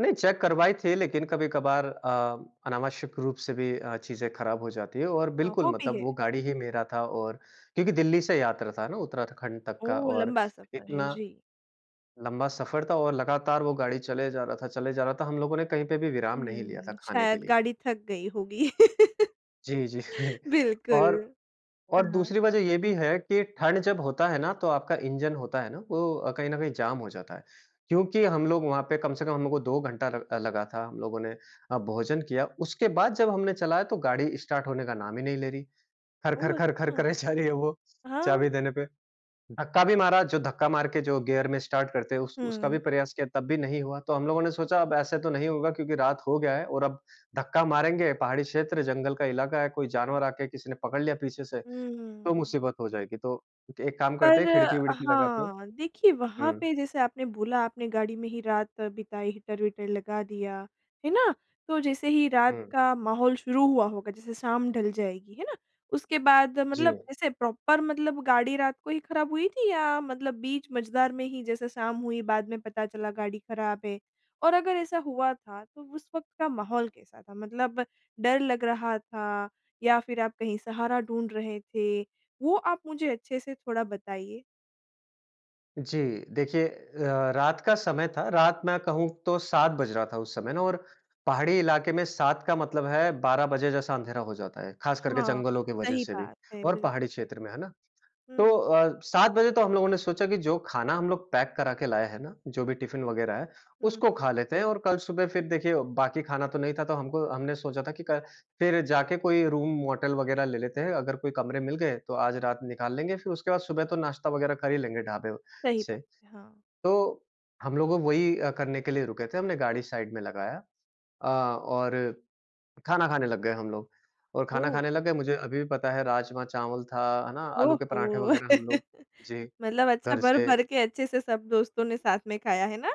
नहीं चेक करवाई थी, लेकिन कभी-कभार अ, अनावश्यक रूप से भी अ, चीज़ें खराब हो जाती है और अ, बिल्कुल, वो भी मतलब है। वो गाड़ी ही मेरा था, और क्योंकि दिल्ली से यात्रा था ना उत्तराखंड तक का। वो और लम्बा सफ़र है। इतना जी। लंबा सफर था और लगातार वो गाड़ी चले जा रहा था चले जा रहा था। हम लोगों ने कहीं पे भी विराम नहीं लिया था, हुँ। खाने के शायद लिए। गाड़ी थक गई होगी। जी, जी। और, बिल्कुल। और हाँ। दूसरी वजह ये भी है कि ठंड जब होता है ना तो आपका इंजन होता है ना, वो अ, कहीं ना कहीं जाम हो जाता है। क्योंकि हम लोग वहाँ पे कम से कम हमलोग को 2 घंटा लग अ, लगा था। हम लोगों ने अ, भोजन किया, उसके बाद जब हमने चलाया तो गाड़ी स्टार्ट होने का नाम ही नहीं ले रही। ओह, खर-खर-खर-खर अच्छा! करे जा रही है वो हाँ। चाबी देने पे। धक्का भी मारा, जो धक्का मार के जो गियर में स्टार्ट करते हैं उस उसका भी हुँ। प्रयास किया तब भी नहीं हुआ। तो हम लोगों ने सोचा अब ऐसे तो नहीं होगा क्योंकि रात हो गया है और अब धक्का मारेंगे पहाड़ी क्षेत्र जंगल का इलाका है, कोई जानवर आके किसी ने पकड़ लिया पीछे से, तो हुँ। मुसीबत हो जाएगी तो एक काम करते पर हैं अ, खिड़की-विड़की लगा के हाँ, देखिए वहाँ हुँ। पे जैसे आपने बोला आपने गाड़ी में ही रात बिताई हीटर-वीटर लगा दिया, है ना। तो जैसे ही रात हुँ। का माहौल शुरू हुआ होगा, जैसे शाम ढल जाएगी, है ना, उसके बाद मतलब जी। ऐसे प्रॉपर मतलब गाड़ी रात को ही खराब हुई थी या मतलब बीच मझदार में ही जैसे शाम हुई बाद में पता चला गाड़ी खराब है? और अगर ऐसा हुआ था तो उस वक़्त का माहौल कैसा था, मतलब डर लग रहा था या फिर आप कहीं सहारा ढूँढ रहे थे, वो आप मुझे अच्छे से थोड़ा बताइए। जी। देखिए अ, रात का समय था, रात मैं कहूँ तो 7 बज रहा था उस समय ना, और पहाड़ी इलाके में 7 का मतलब है 12 बजे जैसा अंधेरा हो जाता है, ख़ास करके हाँ, जंगलों की वजह सही से भी बात है। और पहाड़ी बिल्कुल। क्षेत्र में, है ना। तो हुँ। अ, 7 बजे तो हम लोगों ने सोचा कि जो खाना हम लोग पैक करा के लाए है ना, जो भी टिफ़िन वग़ैरह है, हुँ, उसको खा हुँ। लेते हैं और कल सुबह फिर देखिए बाकी खाना तो नहीं था तो हमको हमने सोचा था कि कल फिर जाके कोई रूम होटल वग़ैरह ले लेते हैं, अगर कोई कमरे मिल गए तो आज रात निकाल लेंगे, फिर उसके बाद सुबह तो नाश्ता वग़ैरह कर ही लेंगे ढाबे व सही से। बात है। हाँ। तो हम लोगों वही अ, करने के लिए रुके थे, हमने गाड़ी साइड में लगाया। अ, और खाना खाने लग गए हम लोग और खाना ओह! खाने लग गए, मुझे अभी भी पता है राजमा-चावल था, है ना, आलू के पराठे ओहो! वग़ैरह हम लोग जी, मतलब अच्छा घर से भर-भर के अच्छे से सब दोस्तों ने साथ में खाया, ना।